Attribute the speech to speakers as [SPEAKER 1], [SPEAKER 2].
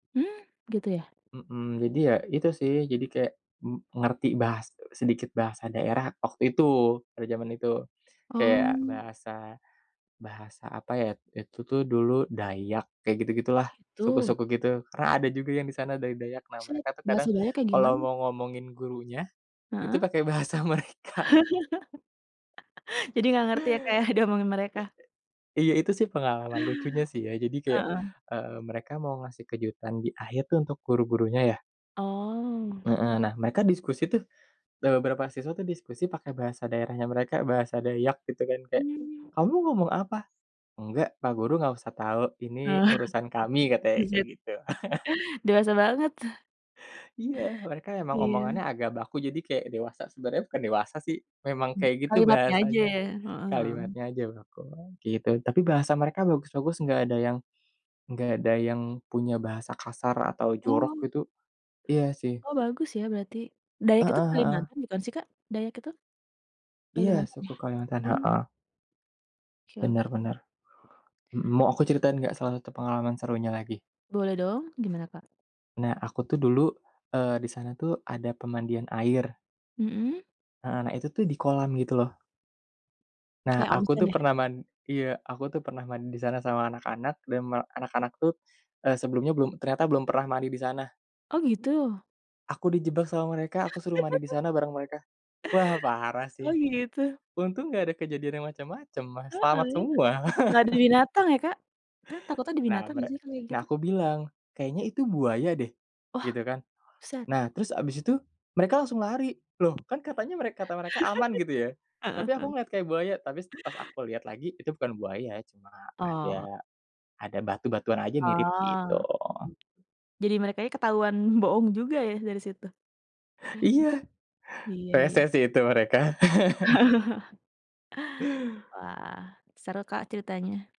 [SPEAKER 1] Hmm, gitu, ya?
[SPEAKER 2] Mhm, jadi ya itu sih, jadi kayak m ngerti bahas sedikit bahasa daerah waktu itu, pada zaman itu. Kayak
[SPEAKER 1] Oh.
[SPEAKER 2] bahasa, bahasa apa ya. Itu tuh dulu Dayak, kayak
[SPEAKER 1] Oh,
[SPEAKER 2] gitu-gitulah,
[SPEAKER 1] gitu.
[SPEAKER 2] suku-suku gitu. Karena ada juga yang di sana dari Dayak. Nah,
[SPEAKER 1] [unintelligible]
[SPEAKER 2] mereka tuh kadang
[SPEAKER 1] Bahasa Dayak kayak
[SPEAKER 2] kalau
[SPEAKER 1] gimana?
[SPEAKER 2] mau ngomongin gurunya, itu
[SPEAKER 1] Heeh.
[SPEAKER 2] pakai bahasa mereka.
[SPEAKER 1] Jadi, enggak ngerti, ya, Kak, ya, diomongin mereka?
[SPEAKER 2] Iya. Itu, sih, pengalaman lucunya, sih, ya. Jadi, kayak,
[SPEAKER 1] Heeh.
[SPEAKER 2] eee, mereka mau ngasih kejutan di akhir, tuh, untuk guru-gurunya, ya.
[SPEAKER 1] Oh.
[SPEAKER 2] Heeh. Nah, mereka diskusi, tuh, eee, beberapa siswa, tuh, diskusi pakai bahasa daerahnya mereka, bahasa Dayak, gitu, kan, kayak,
[SPEAKER 1] Hmm.
[SPEAKER 2] "Kamu ngomong apa?" "Enggak, Pak Guru enggak usah tahu. Ini
[SPEAKER 1] Oh,
[SPEAKER 2] urusan kami," katanya kayak
[SPEAKER 1] buset.
[SPEAKER 2] gitu.
[SPEAKER 1] Dewasa banget.
[SPEAKER 2] Iya. Mereka emang
[SPEAKER 1] Iya.
[SPEAKER 2] omongannya agak baku, jadi kayak dewasa. Sebenarnya bukan dewasa, sih, memang
[SPEAKER 1] M
[SPEAKER 2] kayak gitu
[SPEAKER 1] kalimatnya aja,
[SPEAKER 2] bahasanya.
[SPEAKER 1] ya? Mhm mhm.
[SPEAKER 2] Kalimatnya aja baku, ah, gitu. Tapi, bahasa mereka bagus-bagus, enggak ada yang enggak ada yang punya bahasa kasar atau jorok
[SPEAKER 1] Oh
[SPEAKER 2] gitu, iya, sih.
[SPEAKER 1] Oh, bagus, ya, berarti. Dayak itu
[SPEAKER 2] Heeh heeh.
[SPEAKER 1] Kalimantan bukan, sih, Kak? Dayak itu?
[SPEAKER 2] Iya,
[SPEAKER 1] Kalimantan, ya?
[SPEAKER 2] suku Kalimantan.
[SPEAKER 1] Hmm.
[SPEAKER 2] Heeh.
[SPEAKER 1] Oke oke.
[SPEAKER 2] Benar benar. Mhm, mau aku ceritain enggak salah satu pengalaman serunya lagi?
[SPEAKER 1] Boleh, dong. Gimana, Kak?
[SPEAKER 2] Nah, aku, tuh, dulu eee, di sana, tuh, ada pemandian air.
[SPEAKER 1] Mhm.
[SPEAKER 2] Heeh, nah itu tuh, di kolam, gitu loh. Nah,
[SPEAKER 1] Kayak
[SPEAKER 2] aku,
[SPEAKER 1] onsen,
[SPEAKER 2] tuh,
[SPEAKER 1] ya?
[SPEAKER 2] pernah man iya. Aku, tuh, pernah mandi di sana sama anak-anak, dan me anak-anak, tuh, eee, sebelumnya belum ternyata belum pernah mandi di sana.
[SPEAKER 1] Oh, gitu?
[SPEAKER 2] Aku dijebak sama mereka. Aku suruh mandi di sana bareng mereka. Wah, parah,
[SPEAKER 1] Oh,
[SPEAKER 2] sih.
[SPEAKER 1] gitu.
[SPEAKER 2] Untung enggak ada kejadian yang macam-macam, ah,
[SPEAKER 1] Heeh,
[SPEAKER 2] selamat
[SPEAKER 1] ya.
[SPEAKER 2] semua.
[SPEAKER 1] Enggak ada binatang, ya, Kak? Ta takutnya ada
[SPEAKER 2] Nah,
[SPEAKER 1] binatang
[SPEAKER 2] mere
[SPEAKER 1] enggak, sih, kalau kayak
[SPEAKER 2] Nah,
[SPEAKER 1] gitu?
[SPEAKER 2] aku bilang, "Kayaknya itu buaya, deh"
[SPEAKER 1] Wah,
[SPEAKER 2] gitu, kan.
[SPEAKER 1] buset
[SPEAKER 2] Nah, terus abis itu, mereka langsung lari. Loh, kan, katanya mereka kata mereka aman, gitu, ya.
[SPEAKER 1] Heeh
[SPEAKER 2] Tapi, aku
[SPEAKER 1] heeh.
[SPEAKER 2] ngeliat kayak buaya, tapi pas aku liat lagi, itu bukan buaya. Cuma ada,
[SPEAKER 1] Oh.
[SPEAKER 2] ada batu-batuan aja, mirip, gitu.
[SPEAKER 1] Oh, mhm. Jadi, mereka ini ketahuan bohong juga, ya, dari situ?
[SPEAKER 2] Iya.
[SPEAKER 1] Iya iya.
[SPEAKER 2] Resek, sih, itu mereka.
[SPEAKER 1] Wah, seru, Kak, ceritanya.